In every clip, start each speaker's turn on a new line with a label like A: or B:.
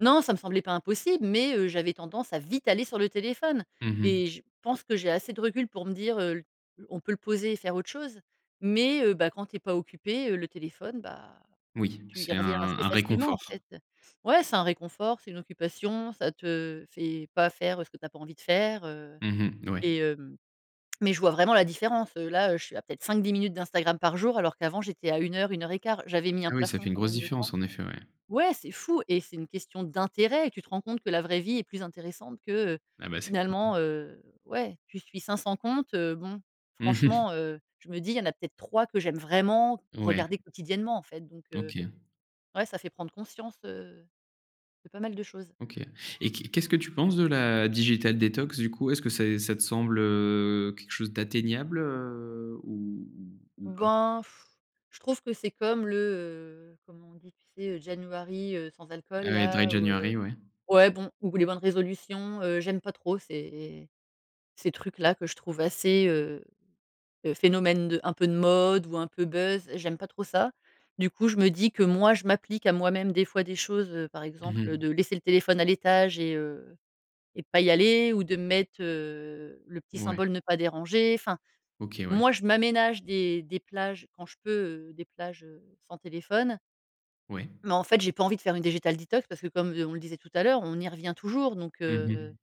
A: Non ça me semblait pas impossible, mais, heu, j'avais tendance à vite aller sur le téléphone
B: Mmh mh.
A: et je pense que j'ai assez de recul pour me dire, heu: «On peut le poser et faire autre chose», mais, heu, bah, quand tu es pas occupée, heu, le téléphone, bah,
B: Oui,
A: tu y
B: c'est un
A: reviens assez
B: un
A: facilement, en
B: réconfort.
A: fait. Ouais, c'est un réconfort, c'est une occupation, ça te fait pas faire ce que tu as pas envie de faire, heu
B: Mmh mh. Ouais.
A: et heu, mais je vois vraiment la différence. Heu, là, je suis à peut-être 5-10 minutes d'Instagram par jour, alors qu'avant, j'étais à 1 heure, une heure et quart. J'avais mis un
B: Ah oui, ça
A: plafond
B: fait une
A: quand
B: grosse
A: même de temps.
B: différence, en effet, ouais.
A: Ouais, c'est fou et c'est une question d'intérêt. Tu te rends compte que la vraie vie est plus intéressante que, heu,
B: Ah, bah, c'est
A: finalement,
B: [unintelligible]
A: heu, ouais tu suis 500 comptes heu, bon, franchement, heu, je me dis: «Il y en a peut-être 3 que j'aime vraiment
B: Ouais.
A: regarder quotidiennement, en fait». Donc heu,
B: OK.
A: ouais ça fait prendre conscience, heu, de pas mal de choses.
B: OK et qu'est qu'est-ce que tu penses de la digital detox du coup? Est-ce que c'est ça te semble, heu, quelque chose d'atteignable, heu, ou ou ou pas?
A: Ben je trouve que c'est comme le, heu, comment on dit? Tu sais? January, heu, sans alcool,
B: Ah oui, Dry
A: là, ou, heu,
B: January, ouais.
A: ouais bon ou les bonnes résolutions. Heu, j'aime pas trop ces ces trucs-là que je trouve assez, heu, phénomènes de un peu de mode ou un peu buzz, j'aime pas trop ça. Du coup, je me dis que moi, je m'applique à moi-même des fois des choses, heu, par
B: Mmh
A: exemple, heu,
B: mh.
A: de laisser le téléphone à l'étage et heu et pas y aller, ou de me mettre, heu, le petit
B: Mouais
A: symbole ne pas déranger enfin,
B: OK, ouais.
A: moi, je m'aménage des des plages quand je peux, heu, des plages, heu, sans téléphone
B: Oui.
A: mais en fait, j'ai pas envie de faire une digital detox parce que, comme je on le disait tout à l'heure, on y revient toujours. Donc
B: Mmh
A: heu
B: mh.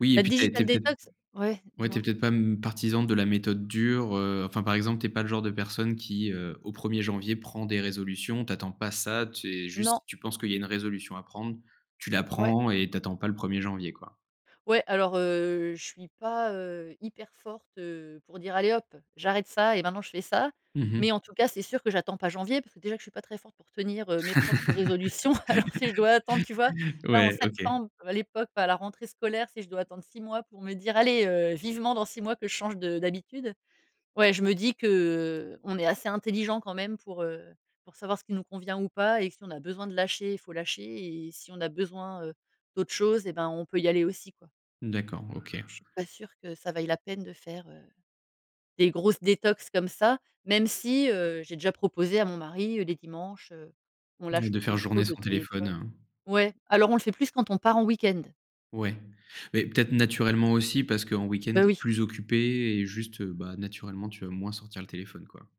B: Oui et
A: la
B: puis tu as été
A: digital
B: peut être
A: detox ouais,
B: ouais, tu es
A: dis-moi.
B: peut-être pas, hem, partisan de la méthode dure, heu, enfin par exemple tu es pas le genre de personne qui, heu, au premier janvier prend des résolutions. Tu attends pas ça, tu es
A: Non.
B: juste tu penses qu'il y a une résolution à prendre, tu la
A: Ouais.
B: prends et t'attends pas le 1er janvier, quoi.
A: Ouais, alors, heu, je suis pas, heu, hyper forte, heu, pour dire: «Allez hop, j'arrête ça et maintenant je fais ça»,
B: Mmh mh.
A: mais en tout cas, c'est sûr que j'attends pas janvier parce que déjà je suis pas très forte pour tenir, heu, mes propres résolutions. Alors si je dois attendre. Tu vois, là en
B: Ouais, OK.
A: septembre, à l'époque, à la rentrée scolaire, si je dois attendre 6 mois pour me dire: «Allez, heu, vivement dans 6 mois que je change de d'habitude», ouais je me dis que, heu, on est assez intelligent quand même pour, heu, pour savoir ce qui nous convient ou pas. Et si on a besoin de lâcher, il faut lâcher. Et si on a besoin, heu, d'autres choses et ben on peut y aller aussi, quoi.
B: D'accord, OK.
A: Je suis pas sûre que ça vaille la peine de faire, heu, des grosses détox comme ça, même si, heu, j'ai déjà proposé à mon mari, heu, les dimanches, heu, on lâche
B: De faire
A: on
B: journée
A: pose le
B: sans téléphone,
A: téléphone.
B: heu?
A: Ouais, alors on le fait plus quand on part en week-end.
B: Ouais, mais peut-être naturellement aussi parce qu'en week-end
A: Bah
B: tu es
A: oui.
B: plus occupée et juste, bah, naturellement tu vas moins sortir le téléphone, quoi.